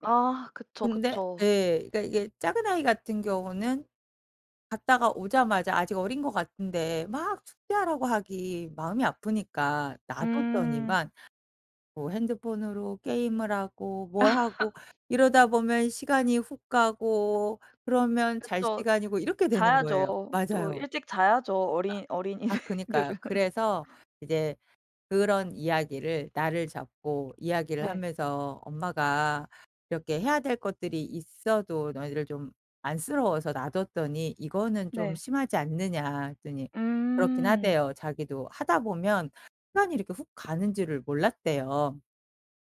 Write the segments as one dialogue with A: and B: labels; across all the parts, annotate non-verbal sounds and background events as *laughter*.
A: 아. 그쵸,
B: 근데
A: 그쵸.
B: 예. 그니까 이게 작은 아이 같은 경우는 갔다가 오자마자 아직 어린 것 같은데 막 숙제하라고 하기 마음이 아프니까 놔
A: 음.
B: 뒀더니만 뭐 핸드폰으로 게임을 하고 뭘 하고
A: *laughs*
B: 이러다 보면 시간이 훅 가고 그러면 잘
A: 그쵸.
B: 시간이고 이렇게 되는 거예요.
A: 자야죠. 또
B: 맞아요.
A: 일찍 자야죠,
B: 아
A: 어린
B: 아 그니까요.
A: 어린이들은.
B: 그래서 이제 그런 이야기를 날을 잡고 이야기를
A: 네.
B: 하면서 "엄마가 이렇게 해야 될 것들이 있어도 너희들을 좀 안쓰러워서 놔뒀더니 이거는 좀
A: 네.
B: 심하지 않느냐?" 했더니 그렇기는
A: 음.
B: 하대요. 자기도 하다 보면 시간이 이렇게 훅 가는 줄을 몰랐대요.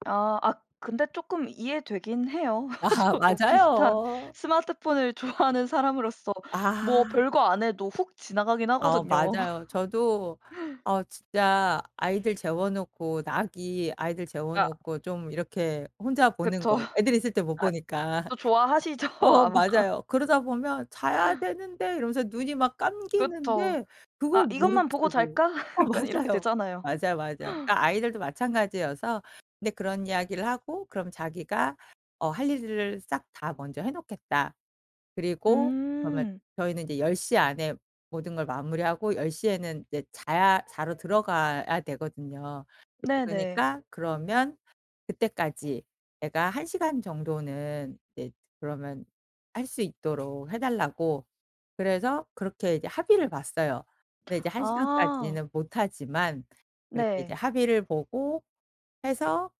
A: 아. 아 근데 쪼끔 이해되기는 해요. *laughs*
B: 아하.
A: 저도 비슷한
B: 맞아요.
A: 스마트폰을 좋아하는 사람으로서 뭐
B: 아.
A: 별거 안 해도 훅 지나가기는
B: 아
A: 하거든요.
B: 맞아요. 저도
A: *laughs*
B: 어 진짜 아이들 재워놓고 낙이 아이들
A: 아.
B: 재워놓고 좀 이렇게 혼자 보는
A: 그쵸.
B: 거, 애들 있을 때
A: *laughs*
B: 못
A: 아
B: 보니까.
A: 또 좋아하시죠
B: 어
A: 아마?
B: 맞아요. 그러다 보면 "자야 되는데." 이러면서 눈이 막
A: 그쵸.
B: 감기는데
A: "아.
B: 그걸
A: 이것만 보고
B: 무릅쓰고
A: 잘까?"
B: 어
A: 약간 이렇게
B: 맞아요.
A: 되잖아요.
B: 맞아요, 맞아요. 그러니까 아이들도 마찬가지여서 근데 그런 이야기를 하고 그럼 자기가 어 "할 일을 싹 다 먼저 해 놓겠다." 그리고 그러면
A: 음.
B: 저희는 이제 10 시 안에 모든 걸 마무리하고 10 시에는 이제 자야 자러 들어가야 되거든요.
A: 네네.
B: 그니까 그러면 그때까지 애가 1 시간 정도는 이제 그러면 할 수 있도록 해 달라고 그래서 그렇게 이제 합의를 봤어요. 근데 이제 1
A: 아.
B: 시간까지는 못 하지만 그렇게 이제
A: 네.
B: 합의를 보고 해서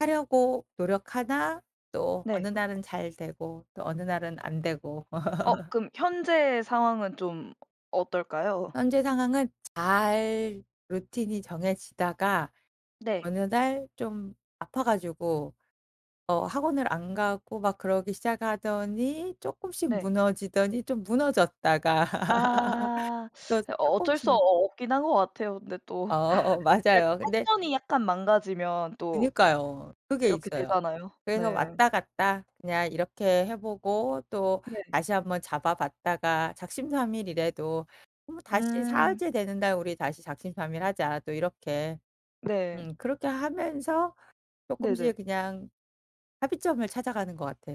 B: 하려고 노력하나 또 어느
A: 네.
B: 날은 잘 되고 또 어느 날은 안 되고.
A: 어.
B: *laughs*
A: 그럼 현재 상황은 좀 어떨까요?
B: 현재 상황은 잘 루틴이 정해지다가
A: 네.
B: 어느 날 좀 아파 가지고 어 학원을 안 가고 막 그러기 시작하더니 쪼끔씩
A: 네.
B: 무너지더니 좀 무너졌다가
A: 아.
B: *laughs* 저
A: *sucks teeth* 어 어쩔 수 어
B: 쪼끔씩
A: 없긴 한 거 같아요. 근데
B: 어
A: 또
B: 어 어
A: *laughs* 그 약간
B: 맞아요. 근데
A: 패턴이 약간 망가지면 또
B: 그니까요. 그게
A: 이렇게
B: 있어요.
A: 되잖아요.
B: 그래서
A: 네.
B: 왔다 갔다 그냥 이렇게 해 보고
A: 네.
B: 또다시 한번 잡아 봤다가 "작심삼일 이래도 뭐 다시
A: 음.
B: 사흘째 되는 날 우리 다시 작심삼일 하자." 또 이렇게
A: 네.
B: 음 그렇게 하면서
A: 네네.
B: 쪼끔씩 그냥 합의점을 찾아가는 것 같아요.